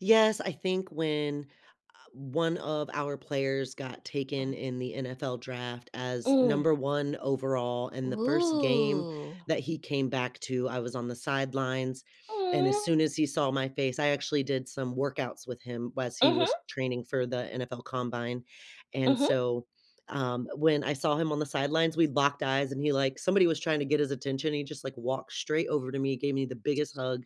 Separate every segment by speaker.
Speaker 1: Yes, I think when, uh, 1 of our players got
Speaker 2: Uh-huh.
Speaker 1: taken in the NFL draft as
Speaker 2: Mm.
Speaker 1: number 1 overall in the 1st game
Speaker 2: Whoo.
Speaker 1: that he came back to- I was on the sidelines- and as
Speaker 2: Aw.
Speaker 1: soon as he saw my face I actually did some workouts with him whilst he
Speaker 2: Mhm.
Speaker 1: was training for the NFL Combine, and
Speaker 2: Mhm.
Speaker 1: so, um, when I saw him on the sidelines, we locked eyes and he like somebody was trying to get his attention, and he just, like, walked straight over to me, gave me the biggest hug,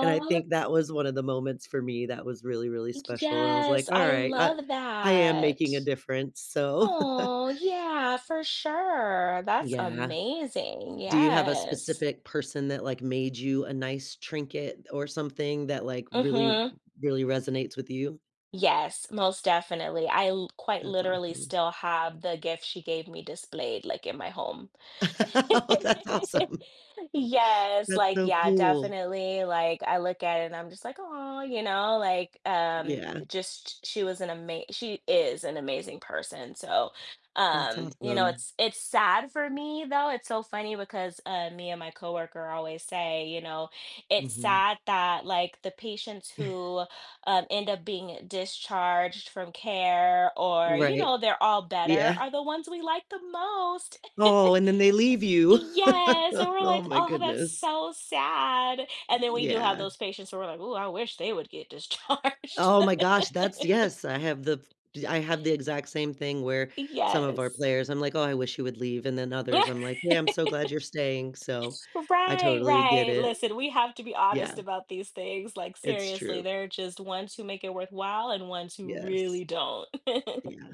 Speaker 1: and I think that was one of the moments for me that was really, really
Speaker 2: Ec
Speaker 1: special, and I was like,
Speaker 2: yes, I
Speaker 1: "Alright, I
Speaker 2: love
Speaker 1: I am making a
Speaker 2: that.
Speaker 1: difference, so"
Speaker 2: Aw, yeah, for sure, that's
Speaker 1: Yeah.
Speaker 2: amazing,
Speaker 1: Do you have a
Speaker 2: yes.
Speaker 1: specific person that, like, made you a nice trinket or something that, like, really
Speaker 2: Mhm.
Speaker 1: really resonates with you?
Speaker 2: Yes, most definitely. I l quite
Speaker 1: That's
Speaker 2: literally
Speaker 1: awesome.
Speaker 2: still have the gift she gave me displayed, like, in my home.
Speaker 1: Oh, that's awesome.
Speaker 2: Yes,
Speaker 1: That's
Speaker 2: like,
Speaker 1: so
Speaker 2: yeah,
Speaker 1: cool.
Speaker 2: definitely, like, I look at it and I'm just like, "Aw," you know, like, um,
Speaker 1: Yeah.
Speaker 2: just she was an ama she is an amazing person, so,
Speaker 1: That's
Speaker 2: um, you know,
Speaker 1: awesome.
Speaker 2: it's it's sad for me though, it's so funny because, uh, me and my co-worker always say, you know, it's
Speaker 1: Mhm.
Speaker 2: sad that, like, the patients who, um, end up being discharged from care or, you
Speaker 1: Right.
Speaker 2: know, they're all better,
Speaker 1: Yeah.
Speaker 2: are the ones we like the most.
Speaker 1: Oh, and then they leave you.
Speaker 2: Yes, and we're
Speaker 1: Oh
Speaker 2: like,
Speaker 1: my
Speaker 2: "Oh, that's
Speaker 1: goodness.
Speaker 2: so sad." And then we do have
Speaker 1: Yeah.
Speaker 2: those patients who we're like, "Ooh, I wish they would get
Speaker 1: Eh,
Speaker 2: discharged."
Speaker 1: oh my gosh, that's yes, I have the f I have the exact same thing where some of our
Speaker 2: Yes.
Speaker 1: players I'm like, "Oh, I wish he would leave," and then others, I'm like, "Yeah, I'm so glad you're staying," so I
Speaker 2: Right,
Speaker 1: totally get
Speaker 2: right,
Speaker 1: it.
Speaker 2: listen, we have to be
Speaker 1: Yeah.
Speaker 2: honest about these things. Like,
Speaker 1: It's
Speaker 2: seriously,
Speaker 1: true.
Speaker 2: there are just ones who make it worthwhile and ones who
Speaker 1: Yes.
Speaker 2: really don't.
Speaker 1: Yeah.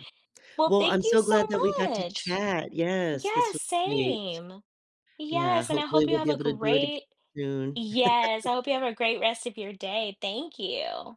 Speaker 2: Well,
Speaker 1: Well,
Speaker 2: thank
Speaker 1: I'm
Speaker 2: you
Speaker 1: so
Speaker 2: so
Speaker 1: glad that we got to
Speaker 2: much.
Speaker 1: chat. Yes,
Speaker 2: Yeah,
Speaker 1: this was great.
Speaker 2: same.
Speaker 1: Yeah,
Speaker 2: Yes, and I
Speaker 1: hopefully
Speaker 2: hope you
Speaker 1: we'll
Speaker 2: have
Speaker 1: be
Speaker 2: a
Speaker 1: able to do it agai
Speaker 2: great
Speaker 1: soon.
Speaker 2: yes, I hope you have a great rest of your day, thank you.